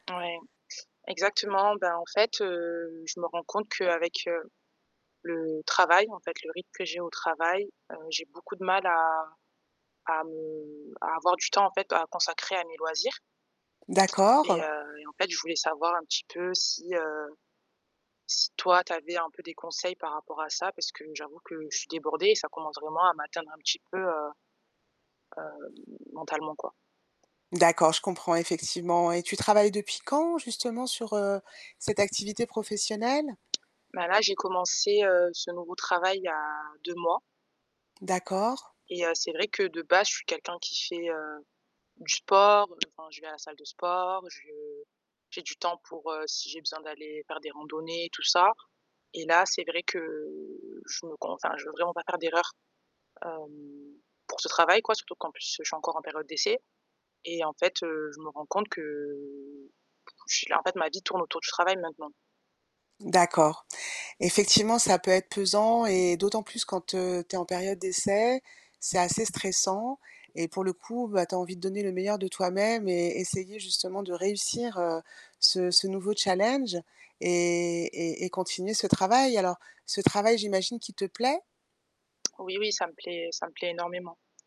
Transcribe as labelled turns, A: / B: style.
A: Ouais, exactement. Ben, en fait, heu, je me rends compte qu'avec, heu, le travail, en fait le rythme que j'ai au travail, heu, j'ai beaucoup de mal à à me à avoir du temps en fait p à consacrer à mes loisirs. Et
B: D'accord.
A: heu, et en fait je voulais savoir un petit peu si, heu, si toi tu avais un peu des conseils par rapport à ça parce que j'avoue que je suis débordée et ça commence vraiment à m'atteindre un petit peu, heu heu, mentalement quoi.
B: D'accord, je comprends effectivement. Et tu travailles depuis quand justement sur, heu, cette activité professionnelle?
A: Bah, là, j'ai commencé, heu, ce nouveau travail il y a 2 mois
B: D'accord.
A: Et heu, c'est vrai que de base je suis quelqu'un qui fait, heu, du sport, heu, enfin je vais à la salle de sport, je j'ai du temps pour, heu, si j'ai besoin d'aller faire des randonnées, tout ça. Et là c'est vrai que, je me con enfin je ne veux vraiment pas faire d'erreurs, hem, pour ce travail quoi, surtout qu'en plus, heu, je suis encore en période d'essai. Et en fait, heu, je me rends compte que, en fait ma vie tourne autour du travail, maintenant.
B: D'accord. Effectivement ça peut être pesant et d'autant plus quand, heu, tu es en période d'essai, c'est assez stressant et pour le coup, bah, tu as envie de donner le meilleur de toi-même et essayer justement de réussir, heu, ce ce nouveau challenge et et et continuer ce travail. Alors, ce travail j'imagine qu'il te plaît?
A: Oui, oui ça me plaît ça me plaît énormément.